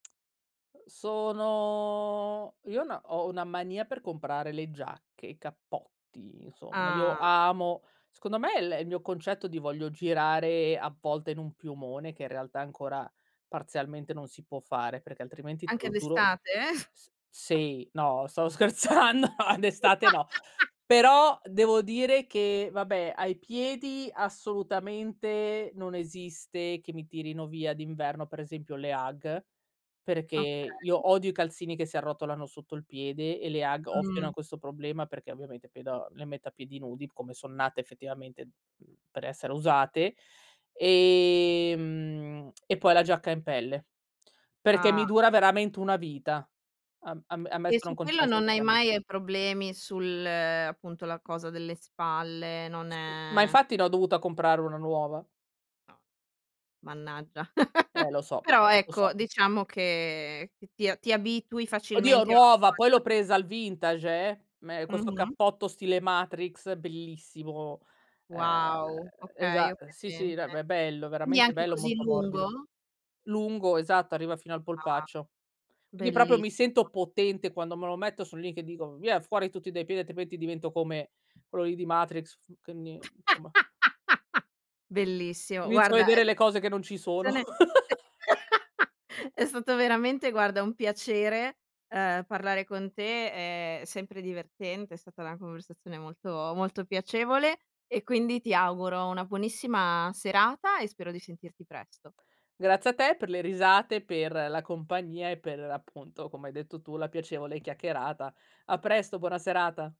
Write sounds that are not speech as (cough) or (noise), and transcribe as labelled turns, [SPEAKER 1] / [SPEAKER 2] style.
[SPEAKER 1] Uhm, sono io ho 'na ho una mania per comprare le giacche, i cappotti, insomma. Io
[SPEAKER 2] Ah!
[SPEAKER 1] amo, secondo me l il mio concetto di voglio girare a volte in un piumone che in realtà ancora parzialmente non si può fare, perché altrimenti te
[SPEAKER 2] Anche
[SPEAKER 1] lo giuro
[SPEAKER 2] d'estate?
[SPEAKER 1] s sì,
[SPEAKER 2] (chuckles)
[SPEAKER 1] no, stavo scherzando, d'estate no.
[SPEAKER 2] (laughs)
[SPEAKER 1] Però, devo dire che, vabbè, ai piedi assolutamente non esiste che mi tirino via d'inverno, per esempio, le Ugg, perché
[SPEAKER 2] Okay.
[SPEAKER 1] io odio i calzini che si arrotolano sotto il piede e le Ugg ovviano
[SPEAKER 2] Mh.
[SPEAKER 1] a questo problema perché ovviamente pedo le metto a piedi nudi come son nate effettivamente, umh, per essere usate, ehm, e poi la giacca in pelle perché mi
[SPEAKER 2] Ah.
[SPEAKER 1] dura veramente una vita. A am
[SPEAKER 2] E
[SPEAKER 1] ammesso e non
[SPEAKER 2] su quello
[SPEAKER 1] concesso
[SPEAKER 2] non
[SPEAKER 1] che
[SPEAKER 2] hai
[SPEAKER 1] cambi
[SPEAKER 2] mai problemi sul, appunto, la cosa delle spalle, non
[SPEAKER 1] Sì, ma
[SPEAKER 2] è
[SPEAKER 1] infatti l'ho dovuta comprare 1 nuova.
[SPEAKER 2] No, mannaggia. (laughs)
[SPEAKER 1] Eh lo so,
[SPEAKER 2] Però
[SPEAKER 1] lo so.
[SPEAKER 2] ecco diciamo che ti ti abitui
[SPEAKER 1] Oddio
[SPEAKER 2] facilmente a
[SPEAKER 1] nuova, poi
[SPEAKER 2] (unintelligible)
[SPEAKER 1] l'ho presa al vintage eh, me questo
[SPEAKER 2] Mh-mh.
[SPEAKER 1] cappotto stile Matrix bellissimo. Ehm,
[SPEAKER 2] Wow! Okay,
[SPEAKER 1] esa
[SPEAKER 2] ho
[SPEAKER 1] Sì, sì,
[SPEAKER 2] presente.
[SPEAKER 1] be è bello,
[SPEAKER 2] Quindi
[SPEAKER 1] veramente
[SPEAKER 2] anche
[SPEAKER 1] bello,
[SPEAKER 2] così
[SPEAKER 1] molto morbido.
[SPEAKER 2] lungo?
[SPEAKER 1] Lungo, esatto, arriva fino al
[SPEAKER 2] Ah,
[SPEAKER 1] polpaccio. Quindi proprio mi
[SPEAKER 2] bellissimo.
[SPEAKER 1] sento potente quando me lo metto sono lì che dico: "Via fuori tutti dai piedi altrimenti divento come quello lì di Matrix", f quindi, insomma
[SPEAKER 2] (laughs) Bellissimo.
[SPEAKER 1] Inizio a
[SPEAKER 2] Guarda, è
[SPEAKER 1] vedere le
[SPEAKER 2] stata
[SPEAKER 1] cose che non ci sono.
[SPEAKER 2] una conversazione
[SPEAKER 1] (laughs)
[SPEAKER 2] (laughs) è stato veramente, guarda, un piacere, ehm, parlare con te, è sempre divertente, è stata una conversazione molto molto piacevole e quindi ti auguro una buonissima serata e spero di sentirti presto.
[SPEAKER 1] Grazie a te per le risate, per la compagnia e per appunto, come hai detto tu, la piacevole chiacchierata. A presto, buona serata.